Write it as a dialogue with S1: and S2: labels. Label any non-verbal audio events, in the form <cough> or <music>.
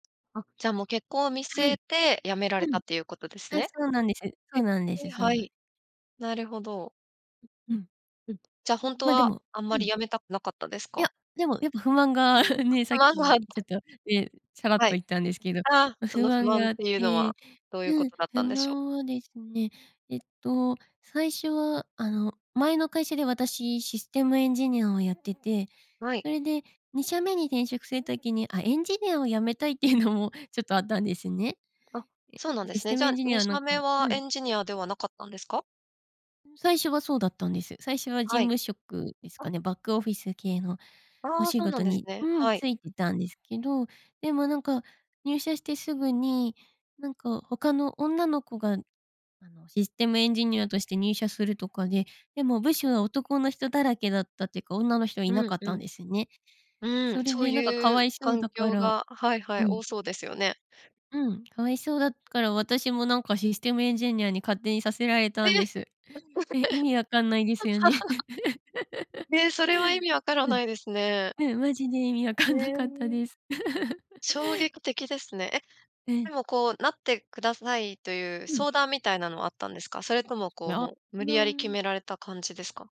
S1: あ、じゃあもう結婚を見据
S2: はい。
S1: えて辞めら
S2: う
S1: れた
S2: ん。
S1: っていうことです
S2: あ、
S1: ね。
S2: そうなんです。そ
S1: え、
S2: うなんです、そう
S1: は
S2: なん
S1: い、なるほど。
S2: ううん。
S1: うん、じゃ、ほんと
S2: ま、で
S1: は
S2: も
S1: あんま
S2: う
S1: り
S2: ん。
S1: 辞めたくなかったです
S2: い
S1: か？
S2: や、でもやっぱ不満がね、さ
S1: あ
S2: っきちょっ
S1: <unintelligible>
S2: と、ええ、さらっと
S1: はい。
S2: 言ったんですけど、
S1: あ、そ
S2: 不
S1: の不
S2: 満
S1: 満
S2: が
S1: っ
S2: あっ
S1: ていうのは
S2: て、
S1: どういう
S2: う
S1: こ
S2: ん、
S1: とだった
S2: 不
S1: んでしょう？
S2: 満はですね、えっと最初はあの、前の会社で私システムエンジニアをやってて、
S1: はい。
S2: それで2社目に転職する時に、あ、エンジニアを辞めたいっていうのもちょっとあったんですね。
S1: あ、そうなん
S2: え、
S1: で
S2: シ
S1: す
S2: ス
S1: ね。
S2: テ
S1: じ
S2: ム
S1: ゃ、
S2: エンジニア
S1: に
S2: は
S1: し
S2: な
S1: ゃ
S2: んか
S1: めは
S2: う
S1: エ
S2: ん。
S1: ンジニアではなかったんですか？
S2: うん、最初はそうだったんです。最初は事
S1: はい。
S2: 務職ですか
S1: あ。
S2: ね、バックオフィス系のお
S1: ああ、
S2: 仕
S1: そうな
S2: 事
S1: んです
S2: に、
S1: ね。
S2: うん、
S1: はい。
S2: ついてたんですけど。でもなんか入社してすぐに、なんか他の女の子が、あのシステムエンジニアとして入社するとかで、でも部署は男の人だらけだったっていうか、女の人はいな
S1: うん
S2: かっ
S1: う
S2: たん
S1: ん。
S2: ですね。
S1: うーん、
S2: それ
S1: そう
S2: でなんかか
S1: い
S2: わ
S1: う
S2: いそう
S1: 環
S2: だか
S1: 境
S2: ら
S1: が、はいは
S2: う
S1: い、
S2: ん。
S1: 多そうですよね。
S2: うん、かわいそうだから私もなんかシステムエンジニアに勝手にさせられたん
S1: え！
S2: です。え、意味わかんないですよね。<giggles> <laughs>
S1: <laughs> ええ、それは意味わから
S2: うん。
S1: ないですね。
S2: うん、マジで意味わか
S1: へ
S2: んなかった
S1: え。
S2: です。<giggles>
S1: 衝撃的ですね。え、
S2: う
S1: で
S2: ん。
S1: もこう、なってくださいという
S2: うん。
S1: 相談みたいなのはあったんですか？それともこう、
S2: ま、
S1: もう無
S2: み
S1: 理
S2: ゃ
S1: やり決
S2: ん。
S1: められた感じですか？